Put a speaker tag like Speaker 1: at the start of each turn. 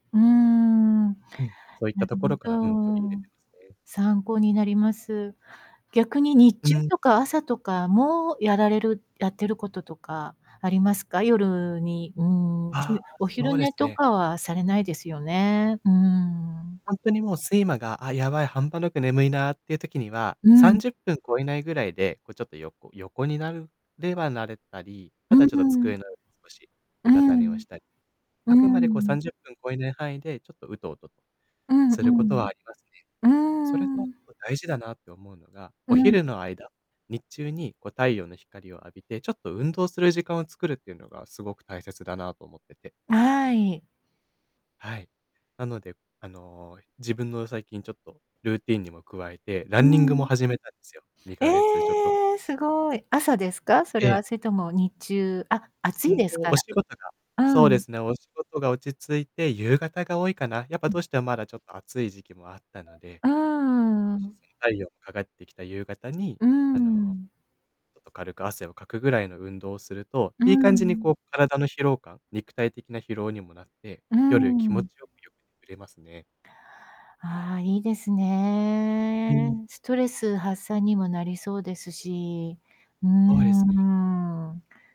Speaker 1: うーん。
Speaker 2: うん、そういっ
Speaker 1: な
Speaker 2: た
Speaker 1: る
Speaker 2: ところから、うん、取り入
Speaker 1: ほ
Speaker 2: れ
Speaker 1: ど。
Speaker 2: てますね。
Speaker 1: 参考になります。逆に日
Speaker 2: う
Speaker 1: 中
Speaker 2: ん。
Speaker 1: とか朝とかもやられるやってることとかありますか？夜に、うーん、
Speaker 2: ああ、
Speaker 1: お
Speaker 2: そ
Speaker 1: 昼
Speaker 2: うで
Speaker 1: 寝
Speaker 2: す
Speaker 1: と
Speaker 2: ね。
Speaker 1: かはされないですよね。うーん。
Speaker 2: ほんとにもう睡魔が「あ、やばい半端なく眠いな」っていう時には、
Speaker 1: う
Speaker 2: さん
Speaker 1: ん。
Speaker 2: じゅっぷん超えないぐらいで、こうちょっと横横になるではなれたり、
Speaker 1: う、
Speaker 2: あ
Speaker 1: う
Speaker 2: とはちょっと
Speaker 1: んうん
Speaker 2: 机の少し
Speaker 1: う
Speaker 2: うたた寝を
Speaker 1: ん。
Speaker 2: した
Speaker 1: うー
Speaker 2: あくまでこうさん
Speaker 1: ん。
Speaker 2: じゅっぷん超えない範囲でちょっとウトウト
Speaker 1: うんう
Speaker 2: することは
Speaker 1: ん。
Speaker 2: ありますね。
Speaker 1: う
Speaker 2: それ
Speaker 1: ー
Speaker 2: と
Speaker 1: ん。
Speaker 2: 大事だなって思うのが、
Speaker 1: う
Speaker 2: お
Speaker 1: ん。
Speaker 2: 昼の間日中にこう太陽の光を浴びて、ちょっと運動する時間を作るっていうのがすごく大切だなと思ってて
Speaker 1: はい。
Speaker 2: はい、なので、あの、自分の最近ちょっとルーティンにも加えて、ラ
Speaker 1: う
Speaker 2: ンニングも
Speaker 1: ん。
Speaker 2: 始めたんですよ、に
Speaker 1: え
Speaker 2: かげつちょっと
Speaker 1: え！凄い。朝ですか？それ
Speaker 2: ええ。
Speaker 1: は、それとも日中あ、暑
Speaker 2: う
Speaker 1: い
Speaker 2: んと、
Speaker 1: ですか
Speaker 2: お
Speaker 1: ら
Speaker 2: 仕事が
Speaker 1: う
Speaker 2: そうで
Speaker 1: ん。
Speaker 2: すね、お仕事が落ち着いて、夕方が多いかな、やっぱ
Speaker 1: うん。
Speaker 2: どうしてもまだちょっと暑い時期もあったので、
Speaker 1: うーん。
Speaker 2: 少し、その太陽がかがってきた夕方に、
Speaker 1: うーん、うん
Speaker 2: あの、
Speaker 1: うん。
Speaker 2: ちょっと軽く汗をかくぐらいの運動をすると、
Speaker 1: う
Speaker 2: いい
Speaker 1: ん、
Speaker 2: 感じに
Speaker 1: んん。
Speaker 2: こう体の疲労感肉体的な疲労にもなって、
Speaker 1: うん
Speaker 2: 夜
Speaker 1: う
Speaker 2: 気
Speaker 1: んう
Speaker 2: 持
Speaker 1: ん。
Speaker 2: ちよく、よく眠れますね。
Speaker 1: ああ、いいです
Speaker 2: うん。
Speaker 1: ね。ストレス発散にもなりそうですし、うー
Speaker 2: そうですね。
Speaker 1: ん。